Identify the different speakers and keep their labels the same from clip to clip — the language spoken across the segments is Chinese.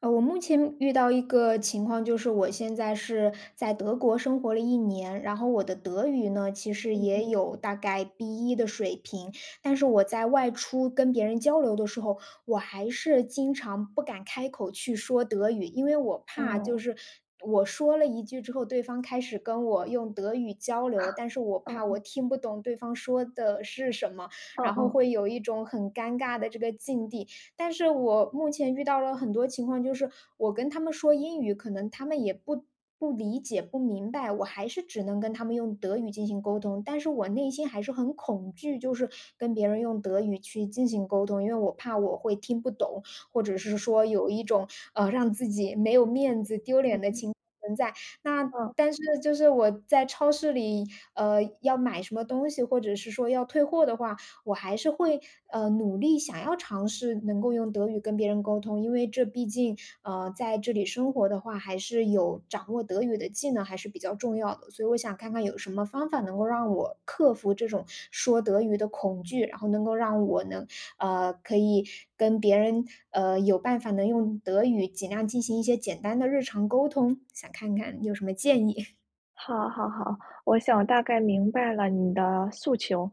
Speaker 1: 呃，我目前，遇到一个情况，就是我现在是在德国生活了一年，然后我的德语呢其实
Speaker 2: 嗯
Speaker 1: 也
Speaker 2: 嗯。
Speaker 1: 有大概 B1 的水平。但是我在外出跟别人交流的时候，我还是经常不敢开口去说德语，因为我怕就
Speaker 2: 哦。
Speaker 1: 是我说了一句之后，对方开始跟我用德语交流，但是 我
Speaker 2: 啊，
Speaker 1: 怕我
Speaker 2: 嗯。
Speaker 1: 听不懂对方说的是什么，
Speaker 2: 嗯
Speaker 1: 然后
Speaker 2: 嗯。
Speaker 1: 会有一种很尴尬的这个境地。但是我目前遇到了很多情况，就是我跟他们说英语可能他们也不不理解、不明白，我还是只能跟他们用德语进行沟通。但是我内心还是很恐惧，就是跟别人用德语去进行沟通，因为我怕我会听不懂，或者是说有一种，呃，让自己没有面子，丢脸
Speaker 2: 嗯
Speaker 1: 的
Speaker 2: 哼。
Speaker 1: 情况存在。那么
Speaker 2: 嗯。
Speaker 1: 但是就是我在超市里，呃要买什么东西，或者是说要退货的话，我还是会，呃，努力想要尝试能够用德语跟别人沟通。因为这毕竟，呃，在这里生活的话，还是有掌握德语的技能还是比较重要的。所以我想看看有什么方法能够让我克服这种说德语的恐惧，然后能够让我能，呃，可以跟别人，呃，有办法能用德语尽量进行一些简单的日常沟通，想看看你有什么建议。
Speaker 2: 好好好，我想大概明白了你的诉求。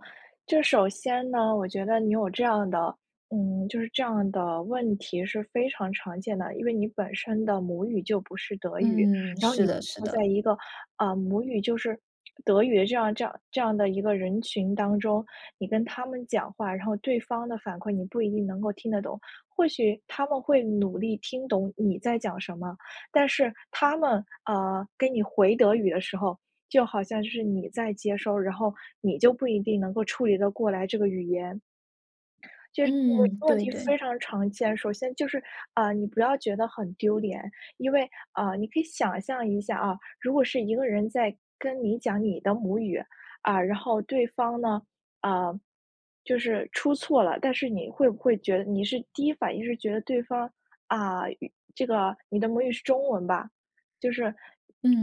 Speaker 2: 这首先呢，我觉得你有这样的嗯，就是这样的问题是非常常见的。因为你本身的母语就不是德语，
Speaker 1: 嗯，
Speaker 2: 然后
Speaker 1: 是
Speaker 2: 你
Speaker 1: 的是
Speaker 2: 能在
Speaker 1: 的。
Speaker 2: 一个，啊，母语就是德语的这样这样这样的一个人群当中。你跟他们讲话，然后对方的反馈你不一定能够听得懂。或许他们会努力听懂你在讲什么，但是他们，呃，给你回德语的时候，就好像就是你在接收，然后你就不一定能够处理得过来这个语言。就是
Speaker 1: 嗯，
Speaker 2: 问问
Speaker 1: 对
Speaker 2: 题非
Speaker 1: 对。
Speaker 2: 常常见。首先就是，啊，你不要觉得很丢脸，因为啊，你可以想象一下啊，如果是一个人在跟你讲你的母语，啊，然后对方呢，啊就是出错了。但是你会不会觉得你是第一反应，是觉得对方，啊语，这个你的母语是中文吧，就是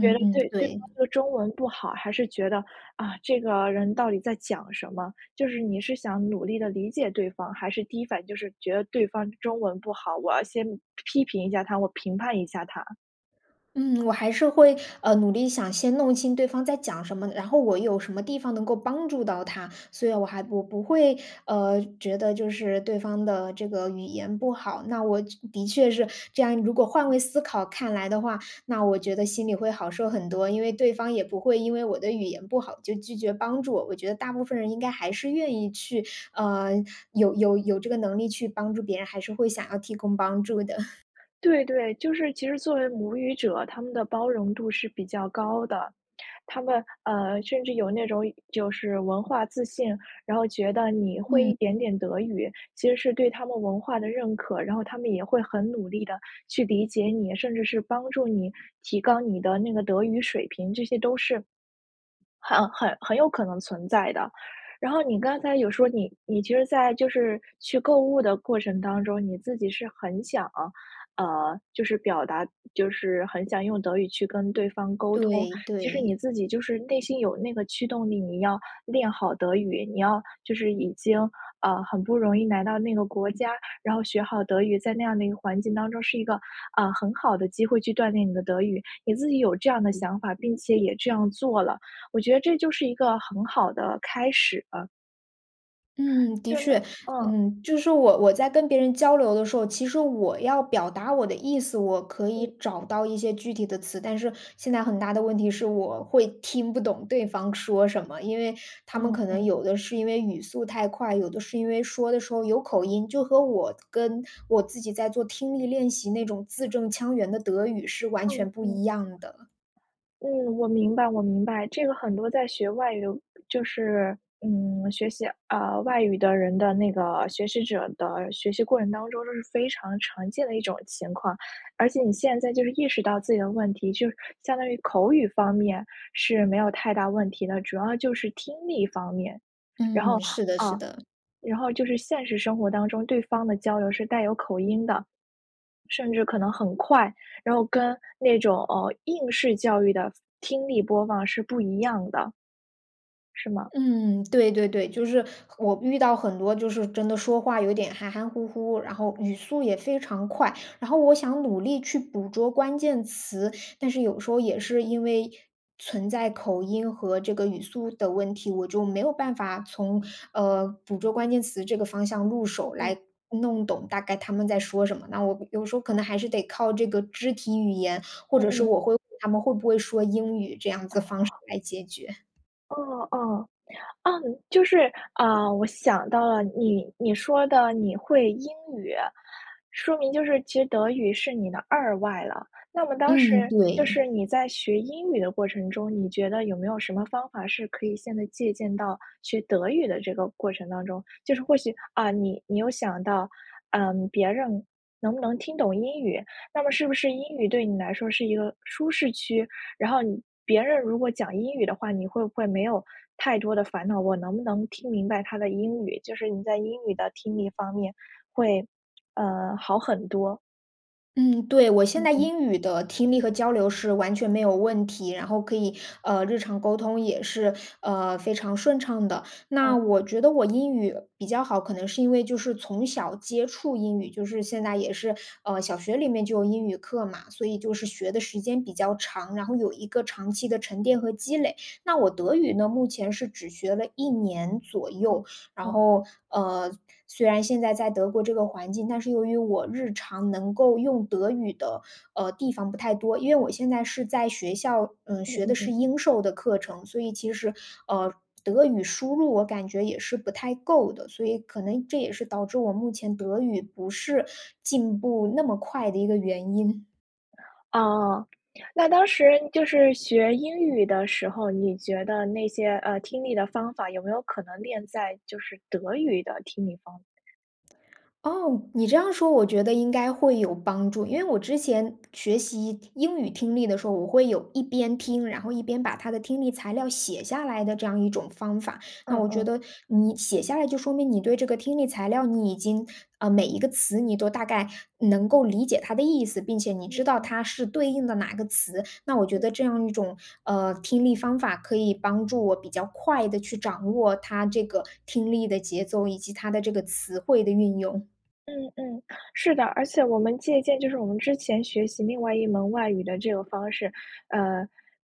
Speaker 2: 觉得
Speaker 1: 嗯，
Speaker 2: 对对
Speaker 1: 对。
Speaker 2: 方的中文不好。还是觉得，啊，这个人到底在讲什么？就是你是想努力地理解对方，还是第一反应就是觉得对方中文不好，我要先，批评一下他，我评判一下他？
Speaker 1: 嗯，我还是会，呃，努力想先弄清对方在讲什么，然后我有什么地方能够帮助到他，所以我还不不会，呃，觉得就是对方的这个语言不好，那我确的确是这样如果换位思考看来的话，那我觉得心里会好受很多，因为对方也不会因为我的语言不好就拒绝帮助，我觉得大部分人应该还是愿意去，呃，有有有这个能力去帮助别人，还是会想要提供帮助的。
Speaker 2: 对对，就是其实作为母语者，他们的包容度是比较高的。他们，呃，甚至有那种就是文化自信，然后觉得你会
Speaker 1: 嗯。
Speaker 2: 一点点德语，其实是对他们文化的认可，然后他们也会很努力地去理解你，甚至是帮助你提高你的那个德语水平，这些都是，很很很有可能存在的。然后你刚才有说你你其实在就是去购物的过程当中，你自己是很想，呃，就是表达就是很想用德语去跟对方沟通，
Speaker 1: 对
Speaker 2: 其实你
Speaker 1: 对。
Speaker 2: 自己就是内心有那个驱动力，你要练好德语，你要就是已经，呃，很不容易来到那个国家，然后学好德语，在那样的一个环境当中是一个，呃，很好的机会去锻炼你的德语。你自己有这样的想法，并且也这样做了，我觉得这就是一个很好的开始了。
Speaker 1: 嗯，的
Speaker 2: 真的，
Speaker 1: 确。
Speaker 2: 嗯。
Speaker 1: 嗯，就是我我在跟别人交流的时候，其实我要表达我的意思，我可以
Speaker 2: 嗯。
Speaker 1: 找到一些具体的词。但是现在很大的问题是我会听不懂对方说什么，因为他们
Speaker 2: 嗯
Speaker 1: 可能
Speaker 2: 嗯。
Speaker 1: 有的是因为语速太快，有的是因为说的时候有口音，就和我跟我自己在做听力练习那种字正腔圆的德语是完全
Speaker 2: 嗯
Speaker 1: 不
Speaker 2: 嗯。
Speaker 1: 一样的。
Speaker 2: 嗯，我明白我明白。这个很多在学外语就是，嗯，学习，呃，外语的人的那个学习者的学习过程当中，都是非常常见的一种情况。而且你现在就是意识到自己的问题，就是相当于口语方面是没有太大问题的。主要就是听力方面，然后
Speaker 1: 嗯，是的是
Speaker 2: 啊，
Speaker 1: 的。
Speaker 2: 然后就是现实生活当中对方的交流是带有口音的，甚至可能很快，然后跟那种，呃，应试教育的，听力播放是不一样的。是吗？
Speaker 1: 嗯，对对对。就是我遇到很多就是真的说话有点含含糊糊，然后语速也非常快。然后我想努力去捕捉关键词，
Speaker 2: 嗯。
Speaker 1: 但是有时候也是因为，存在口音和这个语速的问题，我就没有办法从，呃，捕捉关键词这个方向入
Speaker 2: 嗯
Speaker 1: 手，
Speaker 2: 嗯。
Speaker 1: 来弄懂大概他们在说什么。那我有时候可能还是得靠这个肢体语言，或
Speaker 2: 嗯
Speaker 1: 者是
Speaker 2: 嗯。
Speaker 1: 我会问他们会不会说英语这样子方式来解决。
Speaker 2: 哦哦。啊，就是，啊，我想到了，你你说的你会英语，说明就是其实德语是你的2外了。那么当
Speaker 1: 嗯，
Speaker 2: 时就
Speaker 1: 对。
Speaker 2: 是你在学英语的过程中，你觉得有没有什么方法，是可以现在借鉴到学德语的这个过程当中？就是或许，啊，你你有想到，嗯，别人，能不能听懂英语？那么是不是英语对你来说是一个舒适区？然后你别人如果讲英语的话，你会不会没有太多的烦恼，我能不能听明白他的英语？就是你在英语的听力方面会，呃，好很多。
Speaker 1: 嗯，对，我现
Speaker 2: 嗯
Speaker 1: 在
Speaker 2: 哼。
Speaker 1: 英语的听力和交流是完全没有问题，然后可以，呃，日常沟通也是，呃，非常顺畅的。那
Speaker 2: 哦。
Speaker 1: 我觉得我英语比较好，可能是因为就是从小接触英语，就是现在也是，呃，小学里面就有英语课嘛，所以就是学的时间比较长，然后有一个长期的沉淀和积累。那我德语呢，目前是只学了1年左右，
Speaker 2: 嗯，
Speaker 1: 然
Speaker 2: 哦。
Speaker 1: 后，呃，虽然现在在德国这个环境，但是由于我日常能够用德语的，呃，地方不太多。因为我现在是在学校，嗯，
Speaker 2: 嗯
Speaker 1: 学
Speaker 2: 嗯
Speaker 1: 的是
Speaker 2: 嗯。
Speaker 1: 英授的课程，所以其实，呃，德语输入我感觉也是不太够的，所以可能这也是导致我目前德语不是进步那么快的一个原因。
Speaker 2: 啊，那当时就是学英语的时候，你觉得那些，呃，听力的方法，有没有可能练在就是德语的听力方法上？
Speaker 1: 哦，你这样说我觉得应该会有帮助，因为我之前学习英语听力的时候，我会有一边听，然后一边把它的听力材料写下来的这样一种方法。那
Speaker 2: 嗯
Speaker 1: 我觉
Speaker 2: 嗯。
Speaker 1: 得你写下来就说明你对这个听力材料你已经呃，每一个词你都大概能够理解它的意思，并且你知
Speaker 2: 嗯
Speaker 1: 道
Speaker 2: 嗯。
Speaker 1: 它是对应的哪个词，那我觉
Speaker 2: 嗯。
Speaker 1: 得这样一种，呃，听力方法可以帮助我比较快地去掌握它这个听力的节奏，以及它的这个词汇的运用。
Speaker 2: 嗯嗯，是的，而且我们借鉴就是我们之前学习另外一门外语的这个方式，呃，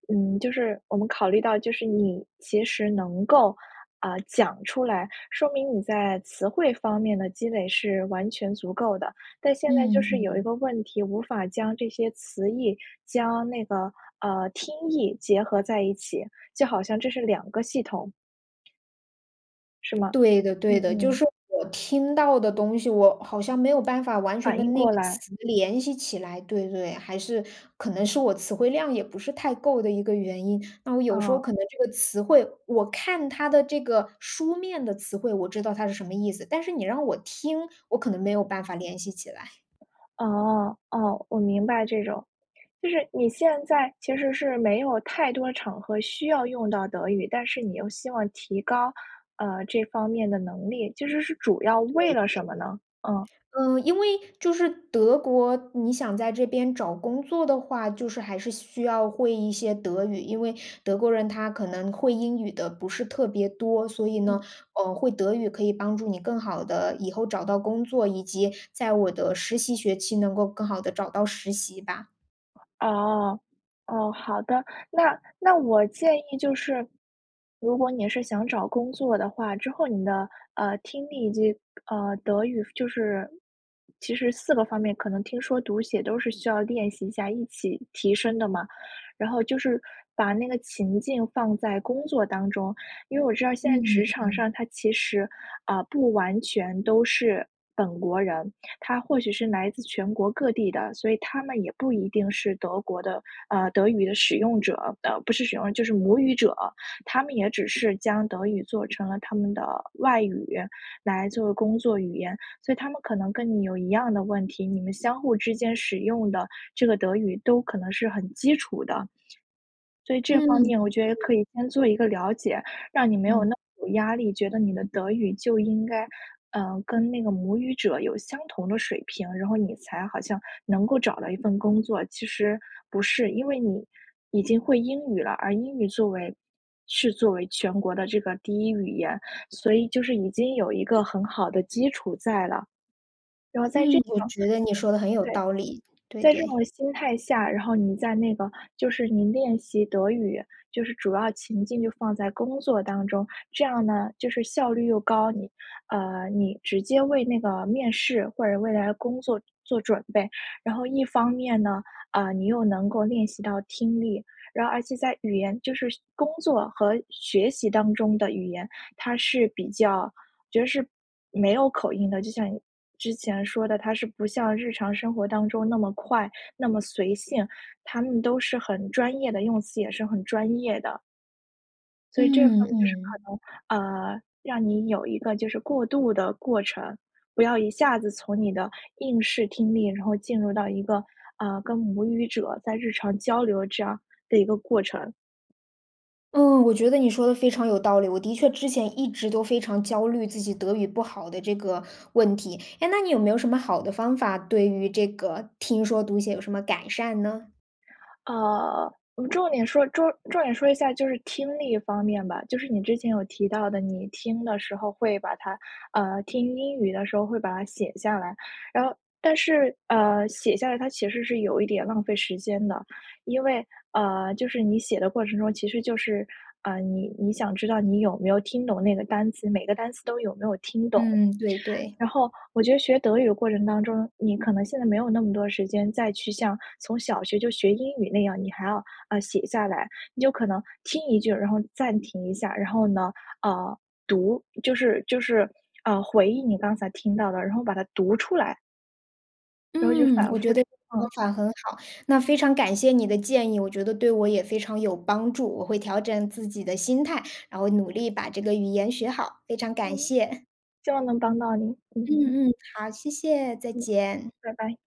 Speaker 2: 嗯，就是我们考虑到就是你其实能够，啊，讲出来，说明你在词汇方面的积累是完全足够的，但现在就
Speaker 1: 嗯
Speaker 2: 是有一
Speaker 1: 嗯。
Speaker 2: 个问题，无法将这些词义，将那个，呃，听意结合在一起，就好像这是2个系统。是吗？
Speaker 1: 对的
Speaker 2: 嗯
Speaker 1: 对的，就
Speaker 2: 嗯。
Speaker 1: 是我听到的东西，我好像没有办法完全
Speaker 2: 反应
Speaker 1: 跟那
Speaker 2: 过
Speaker 1: 个
Speaker 2: 来。
Speaker 1: 词联系起来，对对。还是可能是我词汇量也不是太够的一个原因，那我有时候可
Speaker 2: 哦。
Speaker 1: 能这个词汇我看它的这个书面的词汇，我知道它是什么意思。但是你让我听，我可能没有办法联系起来。
Speaker 2: 哦，哦，我明白这种。就是你现在其实是没有太多场合需要用到德语，但是你又希望提高，呃，这方面的能力，就是是主要
Speaker 1: 对
Speaker 2: 为了什
Speaker 1: 对。
Speaker 2: 么呢？嗯。
Speaker 1: 嗯，因为就是德国，你想在这边找工作的话，就是还是需要会一些德语，因为德国人他可能会英语的不是特别多。所以呢，
Speaker 2: 嗯。
Speaker 1: 呃，会德语可以帮助你更好地以后找到工作，以及在我的实习学期，能够更好地找到实习吧。
Speaker 2: 哦，哦，好的。那那我建议就是，如果你是想找工作的话，之后你的，呃，听力以及呃，德语，就是，其实4个方面可能听、说、读、写都是需要练习一下，一起提升的嘛，然后就是把那个情境放在工作当中。因为我知道现在
Speaker 1: 嗯，
Speaker 2: 职场
Speaker 1: 对。
Speaker 2: 上，它其实，呃，不完全都是本国人，它或许是来自全国各地的，所以他们也不一定是德国的呃，德语的使用者的，不是使用，就是母语者。他们也只是将德语作成了他们的外语，来作为工作语言。所以他们可能跟你有一样的问题，你们相互之间使用的这个德语都可能是很基础的。所以这
Speaker 1: 嗯，
Speaker 2: 方面我觉得
Speaker 1: 对。
Speaker 2: 可以先做一个了解，让你没有
Speaker 1: 嗯。
Speaker 2: 那么有压力，觉得你的德语就应该，呃，跟那个母语者有相同的水平，然后你才好像能够找到一份工作，其实不是。因为你已经会英语了，而英语作为是作为全国的这个第一语言，所以就是已经有一个很好的基础在了。然后在这
Speaker 1: 嗯，我
Speaker 2: 种
Speaker 1: 觉得你
Speaker 2: 心
Speaker 1: 说得很有
Speaker 2: 对，
Speaker 1: 道理，对
Speaker 2: 在这
Speaker 1: 对。
Speaker 2: 种心态下，然后你在那个就是你练习德语，就是主要情境就放在工作当中，这样呢，就是效率又高，你呃，你直接为那个面试或者未来工作做做准备。然后一方面呢，呃，你又能够练习到听力。然而且在语言就是学工作和学习当中的语言，它是比较我觉得是没有口音的，就像你之前说的，它是不像日常生活当中那么快、那么随性。它们都是很专业的，用词也是很专业的。所以这方
Speaker 1: 嗯嗯嗯
Speaker 2: 面就是
Speaker 1: 嗯。
Speaker 2: 可能，呃，让你有一个就是过渡的过程，不要一下子从你的应试听力然后进入到一个，呃，跟母语者在日常交流这样的一个过程。
Speaker 1: 嗯，我觉得你说得非常有道理。我的确之前一直都非常焦虑自己德语不好的这个问题。诶，那你有没有什么好的方法，对于这个听说读写有什么改善呢？
Speaker 2: 呃，重点说重重点说一下就是听力方面吧，就是你之前有提到的，你听的时候会把它呃，听英语的时候会把它写下来。然后但是，呃，写下来，它其实是有一点浪费时间的。因为，呃，就是你写的过程中，其实就是，呃，你你想知道你有没有听懂那个单词，每个单词都有没有听懂。
Speaker 1: 嗯，对对。
Speaker 2: 然后我觉得学德语的过程当中，你可能现在没有那么多时间再去像从小学就学英语那样，你还要，呃，写下来。你就可能听一句儿，然后暂停一下。然后呢，呃，读就是就是，呃，回忆你刚才听到的，然后把它读出来。然后就
Speaker 1: 嗯，
Speaker 2: 反
Speaker 1: 我
Speaker 2: 复
Speaker 1: 觉得
Speaker 2: 这
Speaker 1: 这个方
Speaker 2: 样。
Speaker 1: 法很好。那非常感谢你的建议，我觉得对我也非常有帮助，我会调整自己的心态，然后努力把这个语言学好。非常感
Speaker 2: 嗯，
Speaker 1: 谢。
Speaker 2: 希望能帮到你，嗯。
Speaker 1: 嗯嗯，好。谢谢，再
Speaker 2: 嗯，
Speaker 1: 见。
Speaker 2: 拜拜。